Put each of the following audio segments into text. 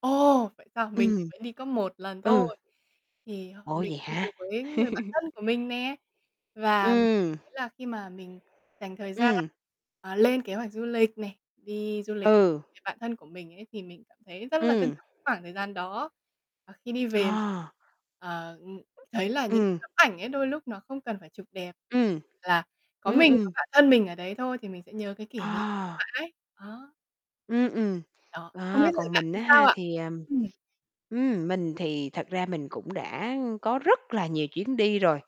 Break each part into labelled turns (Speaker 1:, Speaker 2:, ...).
Speaker 1: Ồ, vậy sao? Mình thì
Speaker 2: Ừm.
Speaker 1: vẫn đi có 1 lần
Speaker 2: Ừ.
Speaker 1: thôi. Thì
Speaker 2: Ủa,
Speaker 1: mình
Speaker 2: vậy
Speaker 1: đi cùng
Speaker 2: hả?
Speaker 1: với người bạn thân của mình nè. Và mình
Speaker 2: Ừm.
Speaker 1: cảm thấy là khi mà mình dành thời gian,
Speaker 2: Ừm.
Speaker 1: ờ, lên kế hoạch du lịch nè, đi du lịch [unintelligible]
Speaker 2: Ừ.
Speaker 1: người bạn thân của mình ấy thì mình cảm thấy rất là trân
Speaker 2: Ừm.
Speaker 1: trọng khoảng thời gian đó. Ờ, khi đi về mình,
Speaker 2: À.
Speaker 1: ờ, ừm, thấy là những cái
Speaker 2: Ừm.
Speaker 1: tấm ảnh ấy đôi lúc nó không cần phải chụp đẹp,
Speaker 2: Ừm.
Speaker 1: chỉ là có
Speaker 2: Ừm,
Speaker 1: mình, có
Speaker 2: ừm.
Speaker 1: bạn thân mình ở đấy thôi thì mình sẽ nhớ cái kỷ niệm
Speaker 2: À.
Speaker 1: mãi. Ờ.
Speaker 2: Ừm, ừm.
Speaker 1: Đó, không biết
Speaker 2: À,
Speaker 1: rồi
Speaker 2: còn
Speaker 1: bạn
Speaker 2: mình
Speaker 1: thì
Speaker 2: á
Speaker 1: sao
Speaker 2: ha
Speaker 1: ạ?
Speaker 2: thì, à
Speaker 1: Ừm.
Speaker 2: ừm, mình thì thật ra mình cũng đã có rất là nhiều chuyến đi rồi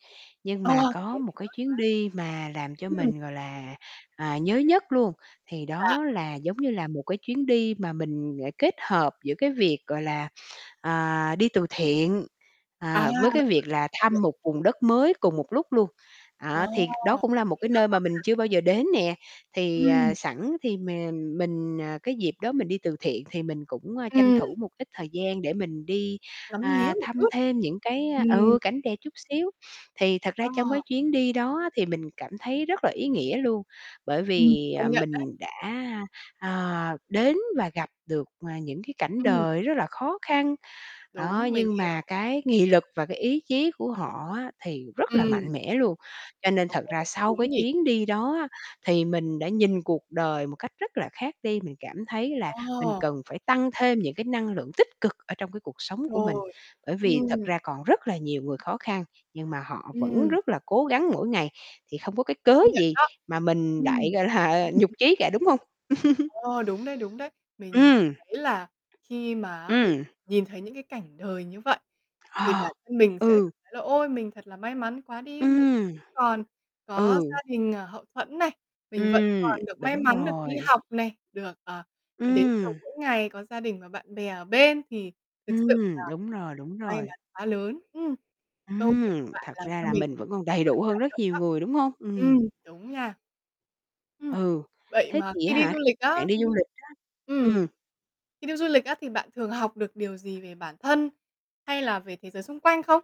Speaker 2: nhưng
Speaker 1: Ồ,
Speaker 2: mà có
Speaker 1: thế
Speaker 2: một
Speaker 1: thì
Speaker 2: cái
Speaker 1: tốt
Speaker 2: chuyến
Speaker 1: quá.
Speaker 2: đi mà làm cho
Speaker 1: Ừm.
Speaker 2: mình, gọi là, à, nhớ nhất luôn thì
Speaker 1: Dạ.
Speaker 2: đó là, giống như là, một cái chuyến đi mà mình, ờ, kết hợp giữa cái việc, gọi là, à, đi từ thiện,
Speaker 1: À.
Speaker 2: à, với cái việc là thăm
Speaker 1: [unintelligible]
Speaker 2: một vùng đất mới cùng một lúc luôn.
Speaker 1: Ồ,
Speaker 2: À, thì đó cũng là một
Speaker 1: ý
Speaker 2: cái
Speaker 1: nghĩa
Speaker 2: nơi
Speaker 1: quá
Speaker 2: mà mình
Speaker 1: ha.
Speaker 2: chưa bao giờ đến nè, thì,
Speaker 1: Ừm.
Speaker 2: ờ, sẵn thì m mình, à, cái dịp đó mình đi từ thiện thì mình cũng tranh
Speaker 1: Ừm.
Speaker 2: thủ một ít thời gian để mình đi,
Speaker 1: Ngắm nghía
Speaker 2: à,
Speaker 1: một
Speaker 2: thăm
Speaker 1: chút.
Speaker 2: thêm những cái
Speaker 1: Ừm.
Speaker 2: ừ, cảnh đẹp chút xíu. Thì thật
Speaker 1: Ờ.
Speaker 2: ra trong cái chuyến đi đó á, thì mình cảm thấy rất là ý nghĩa luôn, bởi
Speaker 1: Ừm,
Speaker 2: vì,
Speaker 1: công
Speaker 2: ờ,
Speaker 1: nhận đấy.
Speaker 2: mình đã, ờ, đến và gặp được, à, những cái cảnh
Speaker 1: Ừm.
Speaker 2: đời rất là khó khăn. Đó,
Speaker 1: Đúng, mình
Speaker 2: nhưng
Speaker 1: hiểu.
Speaker 2: mà cái nghị lực và cái ý chí của họ á thì rất là
Speaker 1: Ừm.
Speaker 2: mạnh mẽ luôn. Cho nên
Speaker 1: Ồ,
Speaker 2: thật ra sau
Speaker 1: đúng
Speaker 2: cái
Speaker 1: nhỉ!
Speaker 2: chuyến đi đó á thì mình đã nhìn cuộc đời một cách rất là khác đi, mình cảm thấy là mình
Speaker 1: Ồ.
Speaker 2: cần phải tăng thêm những cái năng lượng tích cực ở trong cái cuộc sống của mình.
Speaker 1: Rồi,
Speaker 2: Bởi vì thật
Speaker 1: ừm.
Speaker 2: ra còn rất là nhiều người khó khăn, nhưng mà họ vẫn
Speaker 1: Ừm.
Speaker 2: rất là cố gắng mỗi ngày thì không có cái cớ
Speaker 1: Công nhận
Speaker 2: gì
Speaker 1: đó.
Speaker 2: mà mình lại,
Speaker 1: Ừm.
Speaker 2: gọi là nhụt chí cả, đúng hông?
Speaker 1: Ồ, đúng đấy, đúng đấy. Mình
Speaker 2: Ừm.
Speaker 1: thấy là khi mà á mình
Speaker 2: Ừm.
Speaker 1: nhìn thấy những cái cảnh đời như vậy thì bản
Speaker 2: À,
Speaker 1: thân mình sẽ
Speaker 2: ừ.
Speaker 1: cảm thấy là ôi mình thật là may mắn quá đi, mình
Speaker 2: Ừm.
Speaker 1: còn có
Speaker 2: Ừ.
Speaker 1: gia đình, ờ, hậu thuẫn này, mình vẫn
Speaker 2: Ừm,
Speaker 1: còn được may
Speaker 2: đúng
Speaker 1: mắn được đi
Speaker 2: rồi.
Speaker 1: học này, được, ờ, đến trường
Speaker 2: Ừm.
Speaker 1: mỗi ngày có gia đình và bạn bè ở bên thì thực sự là
Speaker 2: Ừm, đúng rồi, đúng
Speaker 1: may
Speaker 2: rồi.
Speaker 1: mắn quá lớn. Ừm. Câu chuyện
Speaker 2: Ừm,
Speaker 1: của bạn
Speaker 2: thật
Speaker 1: làm
Speaker 2: ra
Speaker 1: cho
Speaker 2: là
Speaker 1: mình
Speaker 2: mình vẫn còn đầy
Speaker 1: rất
Speaker 2: đủ hơn
Speaker 1: cảm
Speaker 2: rất
Speaker 1: động
Speaker 2: nhiều
Speaker 1: đó.
Speaker 2: người, đúng hông?
Speaker 1: Ừm,
Speaker 2: Ừm.
Speaker 1: đúng nha. Ừm,
Speaker 2: Ừ,
Speaker 1: vậy
Speaker 2: thế
Speaker 1: mà
Speaker 2: thì
Speaker 1: khi đi
Speaker 2: hả,
Speaker 1: du lịch
Speaker 2: bạn
Speaker 1: á
Speaker 2: đi
Speaker 1: thì
Speaker 2: du lịch á
Speaker 1: ừm,
Speaker 2: ừm.
Speaker 1: khi đi du lịch á thì bạn thường học được điều gì về bản thân hay là về thế giới xung quanh không?